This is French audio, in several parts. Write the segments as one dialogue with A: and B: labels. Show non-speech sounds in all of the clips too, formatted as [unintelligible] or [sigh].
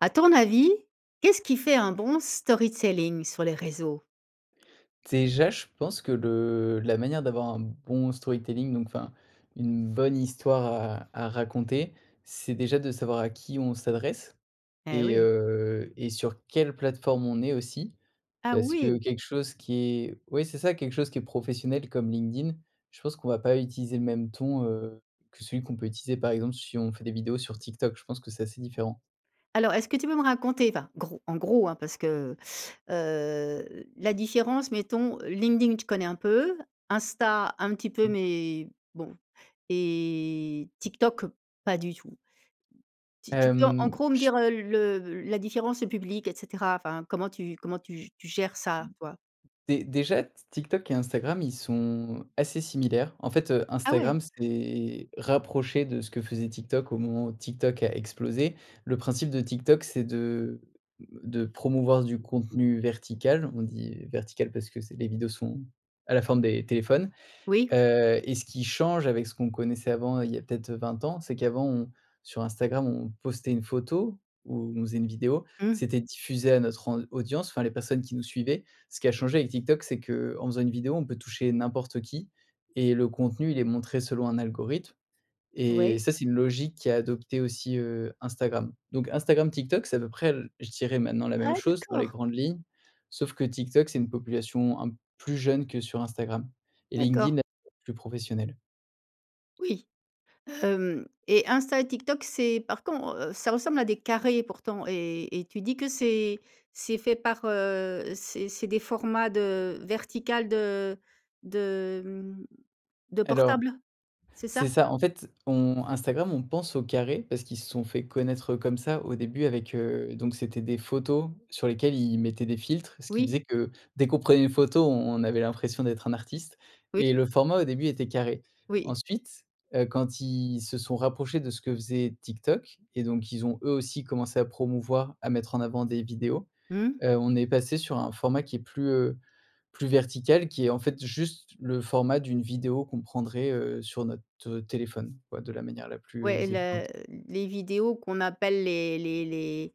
A: À ton avis, qu'est-ce qui fait un bon story telling sur les réseaux?
B: Déjà, je pense que le la manière d'avoir un bon storytelling, donc, enfin une bonne histoire à à raconter c'est déjà de savoir à qui on s'adresse
A: Eh
B: et
A: oui.
B: heu, et sur quelle plateforme on est aussi.
A: Ah
B: Parce que
A: oui.
B: quelque chose qui est oui c'est ça quelque chose qui est professionnel comme LinkedIn, je pense qu'on va pas utiliser le même ton, heu, que celui qu'on peut utiliser par exemple si on fait des vidéos sur TikTok. Je pense que c'est assez différent.
A: Alors, est-ce que tu peux me raconter, enfin, gros en gros, hein, parce que, heu la différence mettons. LinkedIn je connais un peu, Insta un petit peu
B: Mmh.
A: mais, bon et TikTok pas du tout. Tu tu peux en
B: Hem,
A: gros me
B: ch
A: dire, heu, le la différence de public et cetera. Enfin comment tu comment tu g tu gères
B: Mmh,
A: ça toi?
B: dé déjà t TikTok et Instagram ils sont assez similaires. En fait, heu,
A: Ah ouais.
B: Instagram s'est rapproché de ce que faisait TikTok au moment ou TikTok a explosé. Le principe de TikTok c'est de de promouvoir du contenu vertical. On dit vertical parce que c'est les vidéos sont à la forme des téléphones.
A: Oui.
B: Heu, et ce qui change avec ce qu'on connaissait avant il y a peut-être, heu, 20 ans c'est qu'avant on sur Instagram on postait une photo, ou on faisait une vidéo.
A: Mmh.
B: C'était diffusé à notre en audience, enfin les personnes qui nous suivaient. Ce qui a changé avec TikTok, c'est qu'en faisant une vidéo, on peut toucher n'importe qui et le contenu, il est montré selon un algorithme et
A: Ouais.
B: ça, c'est une logique qu'a adopté aussi, heu, Instagram. Donc Instagram, TikTok, c'est à peu près, l je dirais maintenant la même
A: Ah,
B: chose dans les
A: d'accord.
B: grandes lignes. Sauf que TikTok, c'est une population un plus jeune que sur Instagram et
A: D'accord.
B: LinkedIn [unintelligible] plus professionnel.
A: Oui. Hem, et Insta et TikTok c'est par con heu, ça ressemble à des carrés pourtant. Et et tu dis que c'est c'est fait par, heu, c'est c'est des formats de vertical de de, mmh, de
B: Alors
A: portable? C'est
B: c'est
A: ça?
B: ça. En fait on Instagram, on pense au carré. Parce qu'ils se sont fait connaître, heu, comme ça. Au début avec, heu donc c'étaient des photos sur lesquelles ils mettaient des filtres. Ce qui
A: Oui.
B: faisait que dès qu'on prenait une photo, on on avait l'impression d'être un artiste
A: Oui.
B: et le format au début était carré.
A: Oui.
B: Ensuite, heu, quand ils se sont rapprochés de ce que faisait TikTok et donc ils ont eux aussi commencé à promouvoir à mettre en avant des vidéos.
A: Mmh.
B: Heu, on est passé sur un format qui est plus, heu, plus vertical. Qui est en fait juste le format d'une vidéo qu'on prendrait, heu, sur notre, heu, téléphone. Ouais, de la manière la plus, heu,
A: Ouais et la
B: évidente.
A: les vidéos qu'on appelle les les les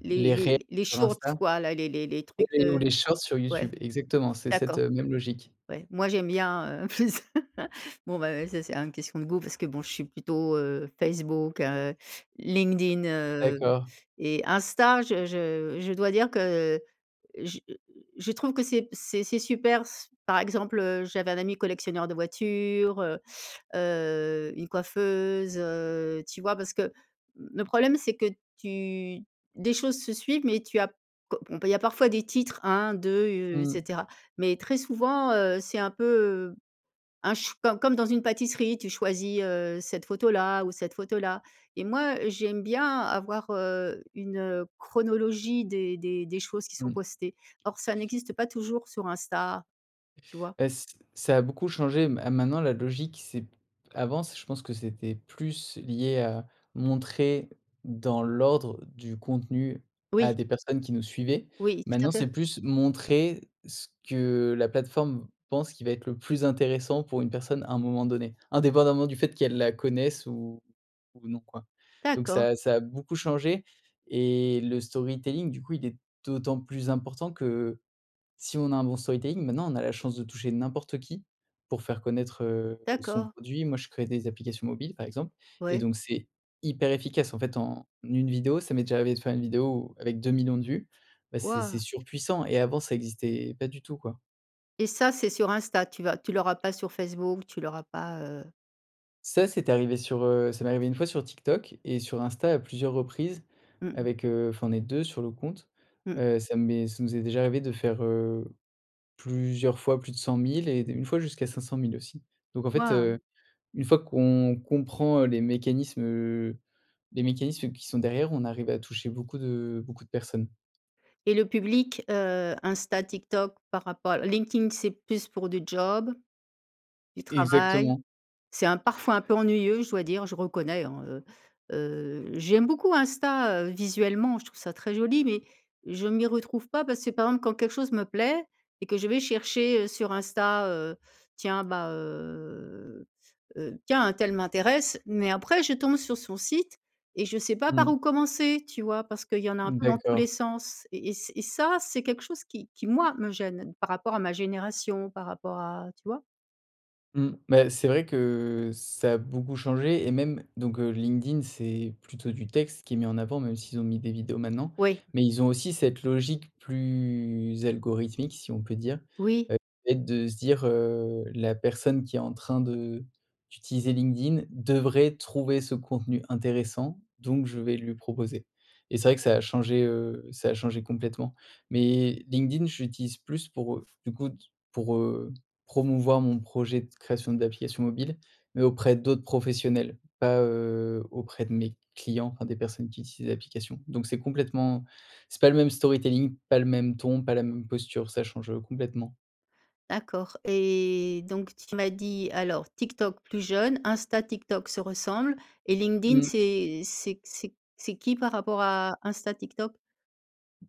A: les
B: Les réels
A: les les
B: sur
A: shorts
B: Insta?
A: quoi, là. Les les les trucs,
B: [unintelligible] ou
A: heu
B: les Shorts sur
A: Ouais.
B: YouTube. Exactement, c'est cette,
A: D'accord.
B: heu, même logique.
A: Ouais. Moi j'aime bien, heu, plus [laughs] Bon, ben, heu, ça c'est un question de goût parce que bon je suis plutôt, heu, Facebook, heu, LinkedIn, heu
B: D'accord.
A: et Insta je je je dois dire que j je trouve que c'est c'est c'est super s par exemple, heu, j'avais un ami collectionneur de voitures, heu, heu, une coiffeuse, heu, tu vois? Parce que le problème c'est que tu des choses se suivent mais tu as p co on peut il y a parfois des titres 1-2 u et
B: Mmh.
A: cetera. Mais très souvent, heu, c'est un peu, heu, un ch comme comme dans une pâtisserie. Tu choisis, heu, cette photo là ou cette photo là et moi j'aime bien avoir, heu, une, heu, chronologie des des des choses qui sont
B: Mmh.
A: postées. Or, ça n'existe pas toujours sur Insta, tu vois?
B: Beh, c ça a beaucoup changé. Ma maintenant la logique c'est p avant c je pense que c'était plus lié à montrer dans l'ordre du contenu
A: Oui.
B: à des personnes qui nous suivaient.
A: Oui, tout à
B: Maintenant
A: fait.
B: c'est plus montrer ce que la plateforme pense qui va être le plus intéressant pour une personne à un moment donné. Indépendamment du fait qu'elle la connaisse ou ou non, quoi. Donc
A: D'accord.
B: ça a ça a beaucoup changé et le storytelling du coup il est d'autant plus important que, si on a un bon storytelling maintenant on a la chance de toucher n'importe qui pour faire connaître, heu, son
A: D'accord.
B: produit. Moi je crée des applications mobiles, par exemple et
A: Ouais.
B: donc c'est hyper efficace en fait, en 1 vidéo, ça m'est déjà arrivé de faire une vidéo ou avec 2 000 000 de vues, bah, c'est c'est
A: Waouh.
B: surpuissant et avant ça existait pas du tout quoi.
A: Et ça, c'est sur Insta tu vas tu l'auras pas sur Facebook, tu l'auras pas, heu?
B: Ça, c'est arrivé sur, heu, ça m'est arrivé 1 fois sur TikTok et sur Insta à plusieurs reprises
A: Mmh mh.
B: avec, heu, enfin on est 2 sur le compte,
A: Mmh.
B: heu, ça m'est ça nous est déjà arrivé de faire, heu, plusieurs fois plus de 100 000 et d 1 fois jusqu'à 500 000 aussi donc en fait,
A: Waouh.
B: heu, une fois qu'on comprend, heu, les mécanismes, heu, les mécanismes qui sont derrière, on arrive à toucher beaucoup de beaucoup de personnes.
A: Et le public, heu, Insta, TikTok par rapport Linkedin c'est plus pour du job? Du travail.
B: Exactement.
A: C'est un parfois un peu ennuyeux je dois dire, je reconnais, hein, heu, heu. J'aime beaucoup Insta, heu, visuellement, je trouve ça très joli, mais je m'y retrouve pas parce que par exemple quand quelque chose me plaît et que je vais chercher, heu, sur Insta, heu, tiens ben, heu, heu, tiens untel m'intéresse mais après je tombe sur son site et je sais pas par
B: Mmh.
A: où commencer, tu vois? Parce qu'il y en a un peu dans tous
B: D'accord.
A: les sens et ç et ça c'est quelque chose qui qui moi me gêne par rapport à ma génération, par rapport à tu vois?
B: Mmh, bah, c'est vrai que ça a beaucoup changé et même donc, heu, LinkedIn c'est plutôt du texte qui est mis en avant, même s'ils ont mis des vidéos, maintenant,
A: Oui.
B: mais ils ont aussi cette logique plus algorithmique, si on peut dire,
A: Oui.
B: heu, le fait de se dire, heu: «La personne qui est en train de d'utiliser LinkedIn devrait trouver ce contenu intéressant, donc je vais lui proposer». Et c'est vrai que ça a changé, heu, ça a changé complètement. Mais LinkedIn, je l'utilise plus pour, heu, du coup d pour, heu, promouvoir mon projet de création d'applications mobiles, mais auprès d'autres professionnels, pas, heu, auprès de mes clients enfin des personnes qui utilisent l'application. Donc c'est complètement c'est pas le même storytelling, pas le même ton, pas la même posture, ça change, heu, complètement.
A: D'accord. Et donc tu m'as dit, alors: TikTok plus jeune, Insta, TikTok se ressemblent et LinkedIn
B: Mmh.
A: c'est c'est q c'est c'est qui, par rapport à Insta, TikTok?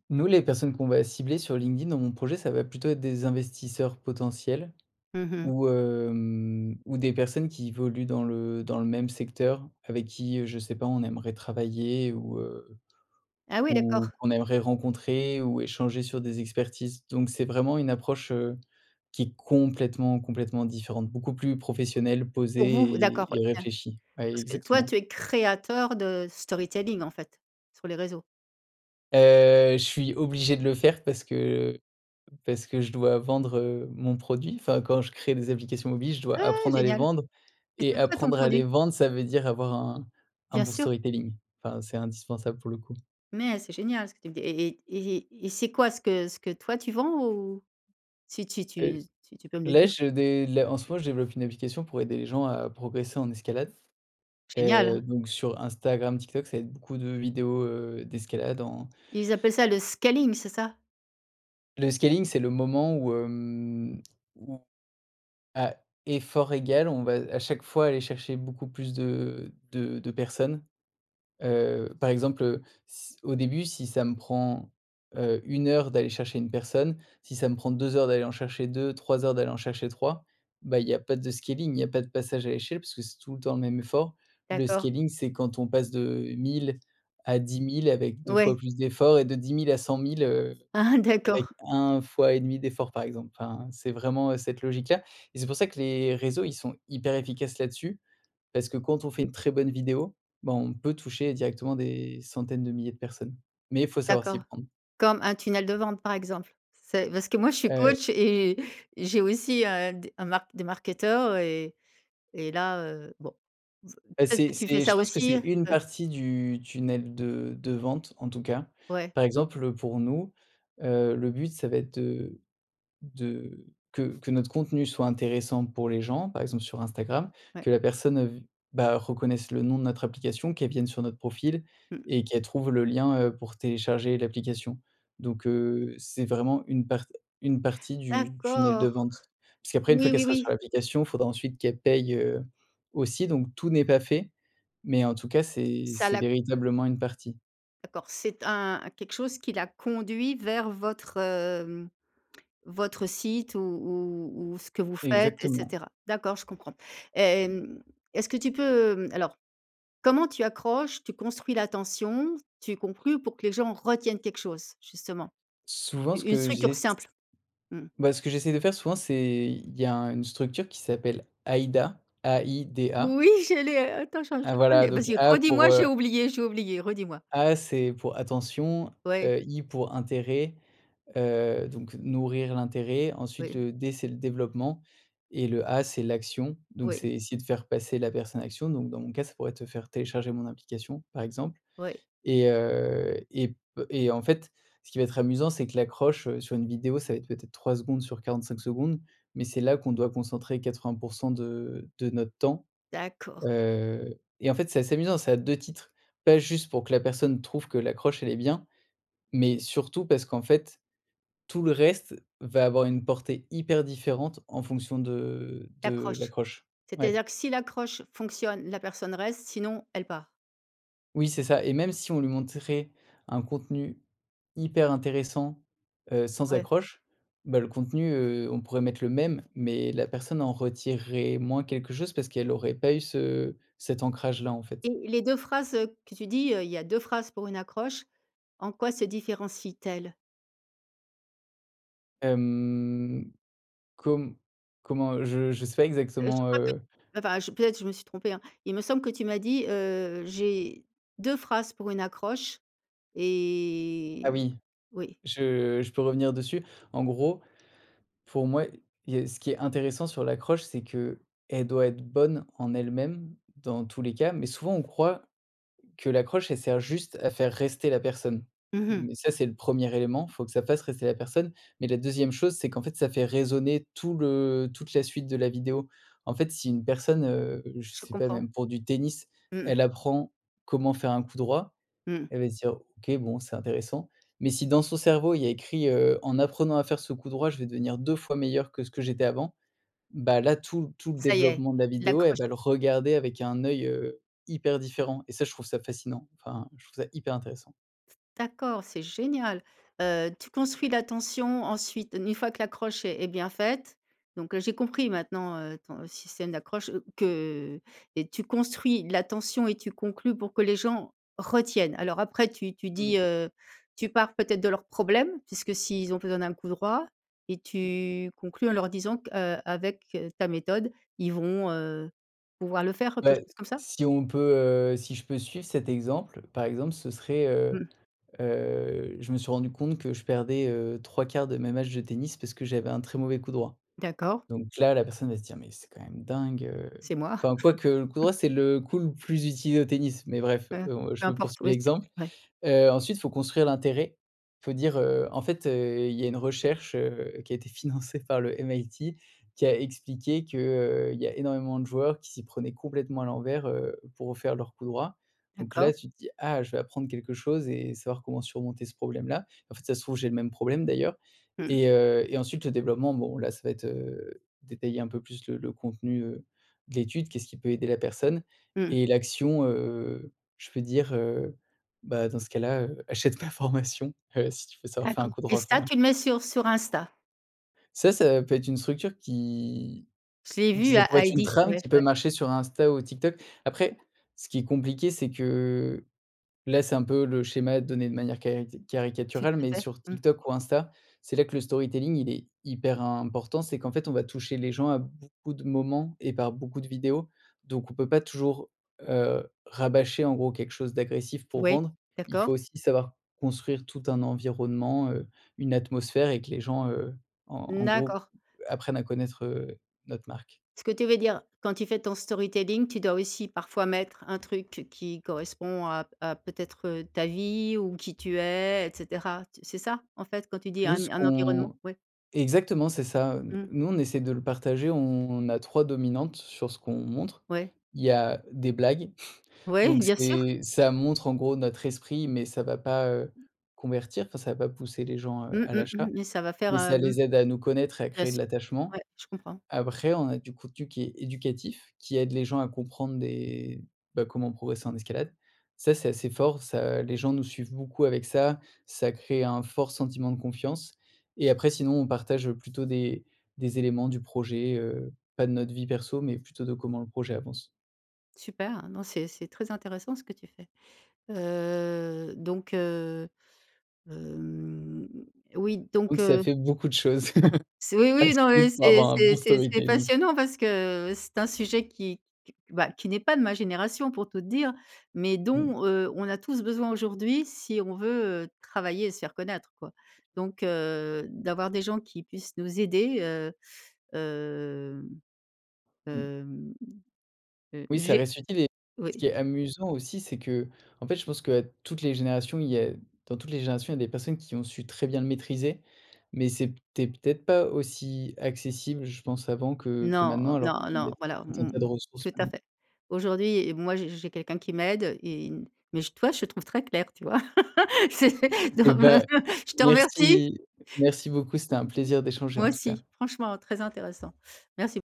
B: Nous, les personnes qu'on va cibler sur LinkedIn, dans mon projet, ça va plutôt être des investisseurs potentiels
A: Mmh mh.
B: ou, hem, ou des personnes qui évoluent dans le dans le même secteur, avec qui, heu, je sais pas, on aimerait travailler ou, heu,
A: Ah ouais,
B: ou
A: d'accord!
B: qu'on aimerait rencontrer ou échanger sur des expertises. Donc c'est vraiment une approche, heu, qui est complètement, complètement différente. Beaucoup plus professionnelle,
A: Pour vous,
B: posée
A: d'accord,
B: et
A: ouais.
B: et
A: Bien.
B: réfléchie. Ouais,
A: Parce que toi,
B: exactement.
A: tu es créateur de storytelling, en fait, sur les réseaux?
B: Heu, je suis obligé de le faire parce que parce que je dois vendre, heu, mon produit enfin quand je crée des applications mobiles, je dois
A: Ah.
B: apprendre à les
A: Génial.
B: vendre
A: Et
B: et
A: c’est quoi ton
B: apprendre à les
A: produit?
B: vendre, ça veut dire avoir un un
A: Bien
B: bon
A: sûr.
B: storytelling enfin, c'est indispensable, pour le coup.
A: Mais c'est génial ce que tu me dis. Et et et et et c'est quoi ce que ce que toi tu vends, ou? Si tu tu
B: Heu,
A: tu tu peux me le
B: là
A: dire?
B: je dé les en ce moment, je développe une application pour aider les gens à progresser en escalade. Heu,
A: Génial.
B: donc sur Instagram, TikTok, ça va être beaucoup de vidéos, heu, d'escalade en
A: Ils appellent ça le scaling, c'est ça?
B: Le scaling, c'est le moment où, hem, où, à effort égal, on va, à chaque fois, aller chercher beaucoup plus de de de personnes. Heu, par exemple heu, s au début si ça me prend, heu, 1 heure d'aller chercher une personne, si ça me prend 2 heures d'aller en chercher 2, 3 heures d'aller en chercher 3. Bah, il y a pas de scaling, il y a pas de passage à l'échelle, puisque c'est tout le temps le même effort. Le
A: D'accord.
B: scaling, c'est quand on passe de 1 000 à 10 000 avec 2
A: Ouais.
B: fois plus d'efforts et de 10 000 à 100 000 heu,
A: Aha!
B: avec
A: D'accord.
B: 1 fois et demi d'efforts par exemple. Enfin, c'est vraiment, heu, cette logique-là et c'est pour ça que les réseaux, ils sont hyper efficaces là-dessus parce que quand on fait une très bonne vidéo, bah, on peut toucher directement des centaines de milliers de personnes. Mais, il faut savoir s'y
A: D'accord.
B: prendre.
A: Comme un tunnel de vente par exemple? C'est parce que moi je suis
B: Heu.
A: coach et j'ai aussi, heu, d un mark des marketeurs et et là, heu, bon
B: Heu,
A: peut-être que
B: c’est
A: tu fais
B: c'est je
A: ça
B: pense que
A: aussi,
B: c'est une
A: heu?
B: partie du tunnel de de vente, en tout cas.
A: Ouais.
B: Par exemple, heu, pour nous, heu, le but ça va être de de que que notre contenu soit intéressant pour les gens, par exemple, sur Instagram.
A: Ouais.
B: Que la personne, heu, vi bah, reconnaisse le nom de notre application, qu'elle vienne sur notre profil
A: Mmh.
B: et qu'elle trouve le lien, heu, pour télécharger l'application. Donc, heu, c'est vraiment une part une partie du tunnel de
A: D'accord.
B: vente. Puisqu'après, une fois,
A: Oui,
B: qu'elle
A: oui,
B: sera sur
A: oui.
B: l'application, il faudra ensuite qu'elle paye, heu, aussi, donc tout n'est pas fait. Mais, en tout cas, c'est
A: Ça
B: c’est
A: la
B: véritablement une partie.
A: D'accord c'est un quelque chose qui l'a conduit vers votre, hem, votre site ou ou ou ce que vous faites et
B: Exactement.
A: cetera. D'accord? je comprends. Hem, est-ce que tu peux, mmh alors comment tu accroches, tu construis l'attention, tu conclues pour que les gens retiennent quelque chose justement?
B: Souvent ce
A: Une
B: que
A: structure
B: j'ess
A: simple. Mmh.
B: bah, ce que j'essaie de faire souvent, c'est il y a un une structure qui s'appelle AIDA, A I D A.
A: Oui j'allais attends
B: Ah, voilà,
A: [unintelligible]
B: donc
A: vas-y
B: A
A: redis-moi,
B: pour,
A: j'ai
B: heu
A: oublié j'ai oublié, redis-moi.
B: A c'est pour attention,
A: Ouais.
B: heu, I pour intérêt, heu, donc nourrir l'intérêt, ensuite
A: Oui.
B: le D c'est le développement et le A c'est l'action. Donc
A: Oui.
B: c'est essayer de faire passer la personne à l'action, donc dans mon cas, ça pourrait te faire télécharger mon application par exemple
A: Oui.
B: et, heu, et p et en fait, ce qui va être amusant, c'est que l'accroche, heu, sur une vidéo, ça va être peut-être 3 secondes sur 45 secondes, mais c'est là qu'on doit concentrer 80% de de notre temps.
A: D'accord.
B: Heu, et en fait, c'est assez amusant, c'est à 2 titres. Pas juste pour que la personne trouve que l'accroche elle est bien, mais surtout parce qu'en fait, tout le reste va avoir une portée hyper différente en fonction de de
A: L'accroche.
B: l'accroche.
A: C'est à
B: Ouais.
A: dire que si l'accroche fonctionne la personne reste sinon elle part.
B: Oui, c'est ça et même si on lui montrait un contenu hyper intéressant, heu, sans
A: Ouais.
B: accroche, bah, le contenu, heu, on pourrait mettre le même, mais la personne en retirerait moins quelque chose, parce qu'elle aurait pas eu ce cet ancrage-là, en fait.
A: Et les 2 phrases, heu, que tu dis, heu, il y a 2 phrases pour une accroche, en quoi se différencient-t-elles?
B: Hem, comm comment je je sais pas
A: Heu, je
B: exactement,
A: crois que
B: heu
A: enfin je peut-être je me suis trompée, hein, il me semble que tu m'as dit, heu,: «J'ai 2 phrases pour une accroche»
B: Ah
A: et
B: oui.
A: oui.
B: Je je peux revenir dessus. En gros, pour moi, il y a ce qui est intéressant sur l'accroche, c'est qu'elle doit être bonne en elle-même, dans tous les cas, mais souvent, on croit que l'accroche, elle sert juste à faire rester la personne.
A: Mmh mh.
B: Mais ça, c'est le 1er élément, il faut que ça fasse rester la personne. Mais la 2e chose, c'est qu'en fait, ça fait résonner tout le toute la suite de la vidéo. En fait, si une personne, heu, je
A: Je
B: sais pas,
A: comprends.
B: même pour du tennis,
A: Mmh.
B: elle apprend comment faire un coup droit,
A: Mmh.
B: elle va se dire: «OK, bon, c'est intéressant». Mais si dans son cerveau il y a écrit, heu: «En apprenant à faire ce coup droit, je vais devenir 2 fois meilleur que ce que j'étais avant», bah, là tout tout le
A: Ça y est,
B: développement de la vidéo, elle
A: l'accroche
B: va le regarder avec un œil, heu, hyper différent et ça, je trouve ça fascinant. Enfin, je trouve ça hyper intéressant!
A: S d'accord, c'est génial! Heu, tu construis l'attention, ensuite, une fois que l'accroche est est bien faite. Donc, heu, j'ai compris, maintenant, heu, ton système d'accroche, que et tu construis l'attention, et tu conclus pour que les gens retiennent. Alors après, tu tu dis,
B: Mmh.
A: heu, tu pars peut-être de leurs problèmes, puisque s'ils ont besoin d'un coup droit et
B: Mmh mh.
A: tu conclus en leur disant qu'avec, heu, ta méthode ils vont, heu, pouvoir le faire, quelque
B: Bah,
A: chose comme ça?
B: si on peut, heu, si je peux suivre cet exemple, par exemple, ce serait, heu,
A: Mmh.
B: heu, je me suis rendu compte que je perdais, heu, 3/4 de mes matchs de tennis parce que j'avais un très mauvais coup droit.
A: D'accord.
B: Donc là, la personne va se dire: «Mais c'est quand même dingue, heu»,
A: C'est moi.
B: enfin, quoique, le coup
A: [laughs]
B: droit, c'est le coup le plus utilisé au tennis, mais bref,
A: Mmh.
B: heu,
A: Peu
B: je poursuis
A: importe ouais, c'est
B: l'exemple,
A: ouais.
B: heu, ensuite, il faut construire l'intérêt. Il faut dire, heu: «En fait, heu, il y a une recherche, heu, qui a été financée par le MIT, qui a expliqué que, heu, il y a énormément de joueurs qui s'y prenaient complètement à l'envers, heu, pour faire leur coup droit». Donc là,
A: D'accord.
B: tu te dis: «Ah, je vais apprendre quelque chose et savoir comment surmonter ce problème-là. En fait, si ça se trouve j'ai le même problème, d'ailleurs»
A: Mmh.
B: et, heu, et ensuite le développement, bon, là, ça va être, heu, détailler un peu plus le le contenu, heu, de l'étude, qu'est-ce qui peut aider la personne
A: Mmh.
B: et l'action, heu, je peux dire, heu, bah dans ce cas-là, heu, achète ma formation, heu, si tu veux savoir faire un
A: D'accord.
B: coup
A: Et
B: droit
A: ça,
B: enfin
A: tu le mets sur sur Insta?
B: Ça, ça peut être une structure qui
A: Je l'ai
B: qui
A: vu
B: ça pourrait
A: à
B: être une
A: i-D,
B: trame
A: ouais,
B: qui peut
A: ouais.
B: marcher sur Insta ou TikTok. Après, ce qui est compliqué, c'est que, là, c'est un peu le schéma donné de manière cari
A: Tout
B: caricaturale, mais
A: à fait,
B: sur
A: mmh.
B: TikTok ou Insta, c'est là que le storytelling, il est hyper important, c'est qu'en fait, on va toucher les gens à beaucoup de moments et par beaucoup de vidéos, donc on peut pas toujours, heu, rabâcher, en gros, quelque chose d'agressif pour
A: Ouais,
B: vendre. Il
A: d'accord.
B: faut aussi savoir construire tout un environnement, heu, une atmosphère et que les gens, heu, en en gros,
A: D'accord.
B: apprennent à connaître, heu, notre marque.
A: Ce que tu veux dire, quand tu fais ton storytelling, tu dois aussi parfois mettre un truc qui correspond, à p à peut être, heu, ta vie ou qui tu es et cetera, c c'est ça, en fait quand tu dis
B: Nous,
A: un
B: ce
A: un environnement?
B: qu'on
A: Ouais.
B: exactement c'est ça, heu,
A: Mmh.
B: nous on essaie de le partager, on a 3 dominantes sur ce qu'on montre.
A: Ouais.
B: Il y a des blagues,
A: Ouais,
B: donc
A: bien sûr.
B: c'est ça montre, en gros, notre esprit, mais ça va pas, heu, convertir enfin ça va pas pousser les gens, heu,
A: Mmh,
B: à
A: mmh
B: l'achat.
A: mh, mais ça va faire,
B: Mais ça
A: hem
B: les aide à nous connaître et à
A: bien
B: créer
A: sûr,
B: de l'attachement.
A: ouais, je comprends.
B: Après, on a du contenu qui est éducatif, qui aide les gens à comprendre des bah, comment progresser en escalade. Ça, c'est assez fort, ça les gens nous suivent beaucoup avec ça, ça crée un fort sentiment de confiance et après sinon on partage, heu, plutôt des des éléments du projet, heu, pas de notre vie perso, mais plutôt de comment le projet avance.
A: Super! Non, c'est c'est très intéressant, ce que tu fais, heu, donc, heu, hem, oui, donc,
B: Donc ça
A: heu
B: fait beaucoup de choses
A: C oui,
B: [laughs] à
A: oui, non mais
B: suivre pour
A: c'est
B: avoir un bon
A: c'est c'est c'est
B: storytelling.
A: passionnant parce que, c'est un sujet qui qu bah, qui n'est pas de ma génération, pour tout te dire, mais
B: Mmh.
A: dont, heu, on a tous besoin aujourd'hui, si on veut, heu, travailler et se faire connaître, quoi. Donc, heu, d'avoir des gens qui puissent nous aider, heu, hem,
B: Mmh.
A: hem, heu,
B: Oui, ça
A: j'ai
B: reste utile et ce qui
A: oui.
B: est amusant aussi, c'est qu'en fait, je pense qu'à toutes les générations, il y a dans toutes les générations, il y a des personnes qui ont su très bien le maîtriser, mais c'était peut-être pas aussi accessible, je pense avant, que que
A: Non,
B: maintenant alors
A: non,
B: qu'il y
A: non,
B: a
A: voilà,
B: tout un
A: mmh, mmh
B: tas de
A: mh,
B: ressources,
A: tout à
B: maintenant.
A: fait. Aujourd'hui, moi, j'ai j'ai quelqu'un qui m'aide et mais j toi, je te trouve très clair, tu vois, [laughs] c'est
B: Et
A: non mais
B: bah,
A: je te remercie!
B: merci merci beaucoup, c'était un
A: [unintelligible]
B: plaisir d'échanger,
A: Moi
B: en tout cas.
A: aussi, franchement, très intéressant, merci.